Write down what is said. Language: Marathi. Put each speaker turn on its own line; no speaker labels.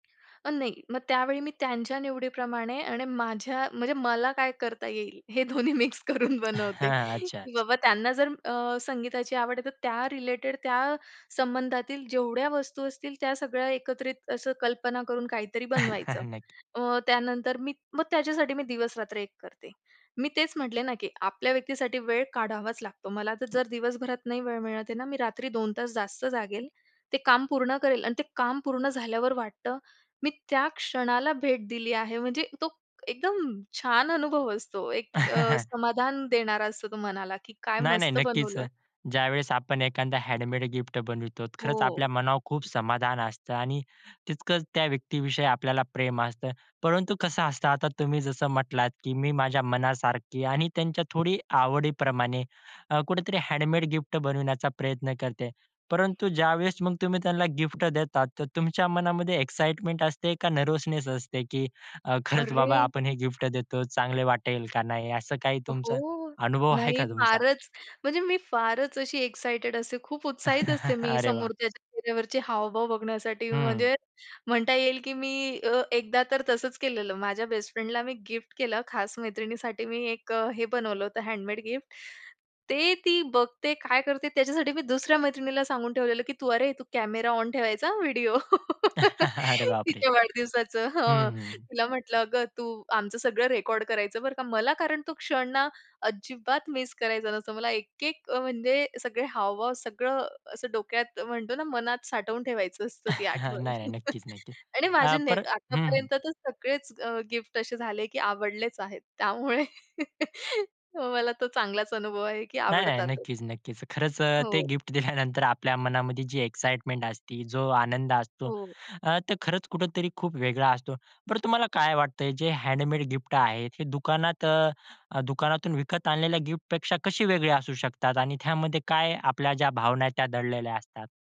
अ, नाही. मग त्यावेळी मी त्यांच्या निवडीप्रमाणे आणि माझ्या म्हणजे मला काय करता येईल? हे दोन्ही मिक्स करून
अ,
बनवते.
हं, अच्छा,
की
अच्छा.
बाबा त्यांना जर अ, संगीताची आवड आहे, तर त्या रिलेटेड, त्या संबंधातील जेवढ्या वस्तू असतील त्या सगळ्या एकत्रित असं कल्पना करून काहीतरी बनवायचं.
नक्की.
अ, त्यानंतर मी मग त्याच्यासाठी मी दिवस-रात्र एक करते. मी तेच म्हटले ना की आपल्या व्यक्तीसाठी वेळ काढावाच लागतो. मला तर जर दिवसभरात नाही वेळ मिळत आहे ना मी रात्री 2 तास जास्त जागेल. ते काम पूर्ण करेल आणि ते काम पूर्ण झाल्यावर वाटतं. मी त्या क्षणाला भेट दिली आहे. म्हणजे तो एकदम छान अनुभव असतो एक अ, समाधान देणारा असतो तो मनाला की काय
नाही, नाही
मस्त
नक्कीच.
बनवलं?
ज्यावेळेस आपण एखादा हँडमेड गिफ्ट बनवितो खरंच
हो.
आपल्या मनावर खूप समाधान असतं. आणि तितकंच त्या व्यक्तीविषयी आपल्याला प्रेम असतं. परंतु कसं असतं? आता तुम्ही जसं म्हटलात की "मी माझ्या मनासारखी आणि त्यांच्या थोडी आवडीप्रमाणे" अ, कुठेतरी हँडमेड गिफ्ट बनवण्याचा प्रयत्न करते. परंतु ज्यावेळेस मग तुम्ही त्यांना गिफ्ट देतात, तर तुमच्या मनामध्ये एक्साईटमेंट असते का नर्व्हसनेस असते? की अ, खरंच बाबा
अरे!
आपण हे गिफ्ट देतो, चांगले वाटेल का नाही? असं काही
अ,
तुमचा
हो.
अनुभव आहे
नाही
का तुमचा?
फारच म्हणजे मी फारच अशी एक्साइटेड असते, खूप उत्साहित असते मी
अरे वाह!
समोरच्याच्या चेहऱ्यावरचे हावभाव बघण्यासाठी.
हं.
म्हणजे म्हणता येईल की मी अ, एकदा तर तसंच केलेलं. माझ्या बेस्टफ्रेंडला मी गिफ्ट केला खास मैत्रिणीसाठी मी एक हे बनवलं होतं हँडमेड गिफ्ट. ते ती बघते, काय करते? त्याच्यासाठी मी दुसऱ्या मैत्रिणीला सांगून ठेवलेलं की तू "अरे! तू कॅमेरा ऑन ठेवायचा हां व्हिडिओ
अरे बापरे!
तिच्या वाढदिवसाचं"
हं,
हं.
हं.
तिला म्हटलं "अगं, तू आमचं सगळं रेकॉर्ड करायचं बरं का?" मला कारण तो क्षण ना अजिबात मिस करायचा नसतो. मला एक-एक म्हणजे सगळे हावभाव, सगळं असं डोक्यात, म्हणतो ना मनात साठवून ठेवायचं असतं ती
नाही,
आठवण.
नाही. नक्कीच, नक्कीच.
आणि माझे
अ,
ने
पर हं, हं.
आत्तापर्यंत तर सगळेच अ, गिफ्ट असे झाले की आवडलेच आहेत. त्यामुळे हो, मला तो चांगलाच अनुभव आहे की
नाही, नाही.
आवडतात.
नक्कीच, नक्कीच. खरंच अ ते
हो.
गिफ्ट दिल्यानंतर आपल्या मनामध्ये जी एक्साईटमेंट असते, जो आनंद असतो
हो.
अ, तर खरंच कुठेतरी खूप वेगळा असतो. बरं तुम्हाला काय वाटतंय? जे हँडमेड गिफ्ट आहेत, हे दुकानात अ, दुकानातून विकत आणलेल्या गिफ्टपेक्षा कशी वेगळी असू शकतात? आणि त्यामध्ये काय आपल्या ज्या भावना त्या दडलेल्या असतात?